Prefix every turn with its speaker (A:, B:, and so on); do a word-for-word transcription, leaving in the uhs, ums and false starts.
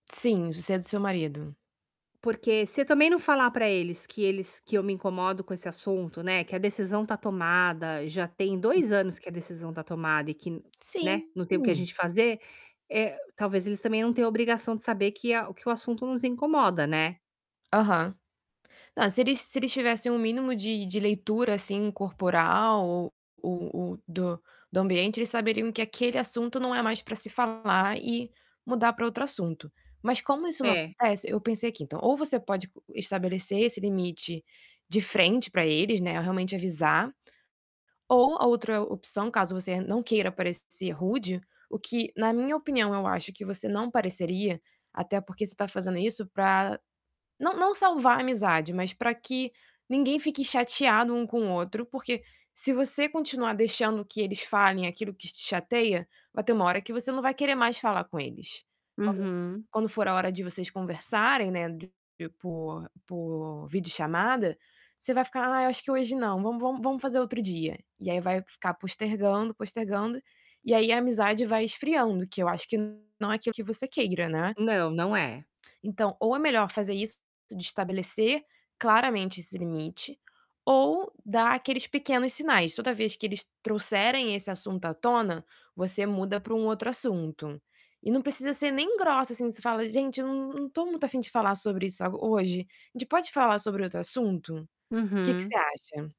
A: Sim, você é do seu marido.
B: Porque se eu também não falar pra eles que eles que eu me incomodo com esse assunto, né, que a decisão tá tomada, já tem
A: Uhum.
B: dois anos que a decisão tá tomada e que, né,
A: Sim.
B: não tem o que a gente fazer, eh, talvez eles também não têm a obrigação de saber que a o que o assunto nos incomoda, né?
A: Aham. Não, se eles se eles tivessem o mínimo de de leitura assim corporal ou ou ou do do ambiente, eles saberiam que aquele assunto não é mais pra se falar e mudar pra outro assunto. Mas como isso não
B: É.
A: acontece, eu pensei aqui: "Então, ou você pode estabelecer esse limite de frente pra eles, né, realmente avisar, ou a outra opção, caso você não queira parecer rude, o que na minha opinião eu acho que você não pareceria, até porque você tá fazendo isso pra não não salvar a amizade, mas pra que ninguém fique chateado um com o outro, porque se você continuar deixando que eles falem aquilo que te chateia, vai ter uma hora que você não vai querer mais falar com eles". Quando
B: Uhum.
A: quando for a hora de vocês conversarem, né, de por por videochamada, você vai ficar: "Ah, acho que hoje não, vamos vamos vamos fazer outro dia." E aí vai ficar postergando, postergando, e aí a amizade vai esfriando, que eu acho que não é aquilo que você queira, né?
B: Não, não é.
A: Então ou é melhor fazer isso, de estabelecer claramente esse limite, ou dar aqueles pequenos sinais. Toda vez que eles trouxerem esse assunto à tona, você muda para um outro assunto. E não precisa ser nem grossa assim, você fala: "Gente, eu não não tô muito afim de falar sobre isso a hoje. A gente pode falar sobre outro assunto?" Que que você
B: Uhum.
A: acha?